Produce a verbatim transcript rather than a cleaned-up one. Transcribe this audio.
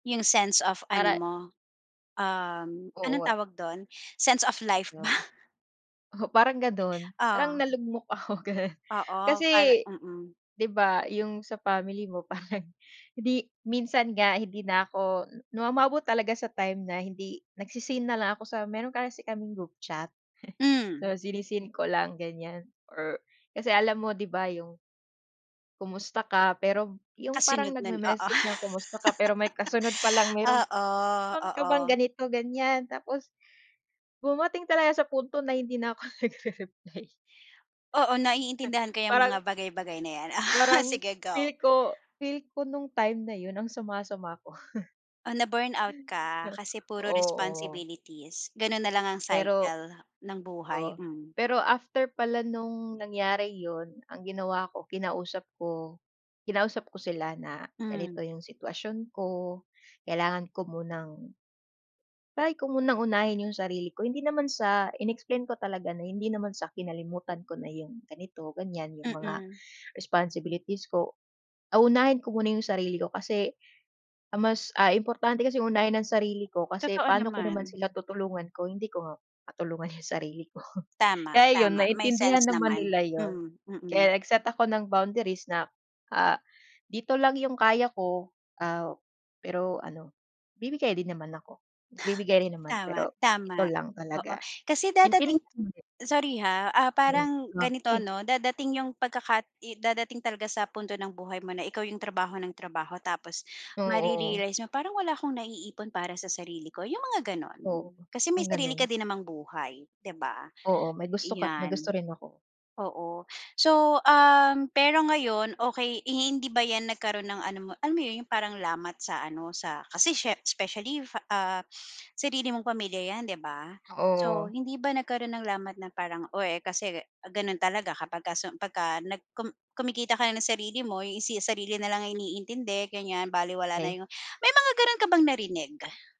Yung sense of ano Para mo um, anong Oo. tawag dun? Sense of life ba? 'Yon. Oo parang gano'n, parang Ah. nalugmok ako, gano'n. Oo, para Kasi mm. 'di ba, yung sa family mo parang hindi minsan nga hindi na ako nu umabot talaga sa time na hindi nagse-seen na lang ako sa mero'n kasi kaming group chat. Hmm. So si-ne-seen ko lang ganyan or kasi alam mo 'di ba yung "Kumusta ka?" pero yung parang Kasunod nun oo. nag-me-message ng, “Kumusta ka?” pero may kasunod pa lang, "Meron Oo, meron ka bang oo. ganito, ganyan?" Tapos, dumating talaga sa punto na hindi na ako nagre-reply. Oo naiintindihan ko 'yang Parang mga bagay-bagay na yan. parang Sige go. feel ko, feel ko nung time na yun ang sama-sama ko. Oh, na-burnout ka, kasi puro Oo. responsibilities. Ganon na lang ang Pero cycle ng buhay, Oo, mm. pero after pala nung nangyari yun, ang ginawa ko kinausap ko kinausap ko sila na, Hmm. "Ganito yung sitwasyon ko, kailangan ko munang" "try ko munang unahin yung sarili ko." Hindi naman sa in-explain ko talaga na hindi naman sa kinalimutan ko na yung ganito, ganyan. Yung mga Mm. responsibilities ko. Ah, unahin ko muna yung sarili ko kasi ang mas ah, importante kasi unahin ang sarili ko kasi Totoo paano ko naman naman. sila tutulungan kung hindi ko nga matulungan yung sarili ko. Tama, Kaya yun tama may naintindihan sense naman naman. nila yun. Mm. Mm. Kaya nag-set ako ng boundaries na ah, "Dito lang yung kaya ko," ah, pero ano bibigay din naman ako, bibigay rin naman, Tama, pero ito tama. lang Oo, talaga. kasi dadating Naintindihan naman nila. sorry ha? Ah, parang ganito [unintelligible] ano, dadating yung pagkaka dadating talaga sa punto ng buhay mo na ikaw yung trabaho ng trabaho tapos Oo. mare-realize mo, "Parang wala akong naiipon para sa sarili ko," yung mga ganon. Oo, Kasi may ang sarili ka gano'n. din namang buhay, 'di ba? Oo may gusto ka't, may gusto Iyan. rin ako. Oo so, um, pero ngayon, okey eh, hi hindi ba 'yan nagkaroon ng ano mo, alam mo 'yon? 'Yong parang lamat sa ano, sa kasi siye specially fa ah, sarili mong pamilya 'yan, 'di ba? So Oo. hindi ba nagkaroon ng lamat na parang, "Oh, eh, kasi ganon talaga kapag ka sum pagka nag kum kumikita ka na ng sarili mo, eh, si sarili na lang ang iniintindi ganyan balewala na Way. 'yong" may mga gano'n ka bang narinig?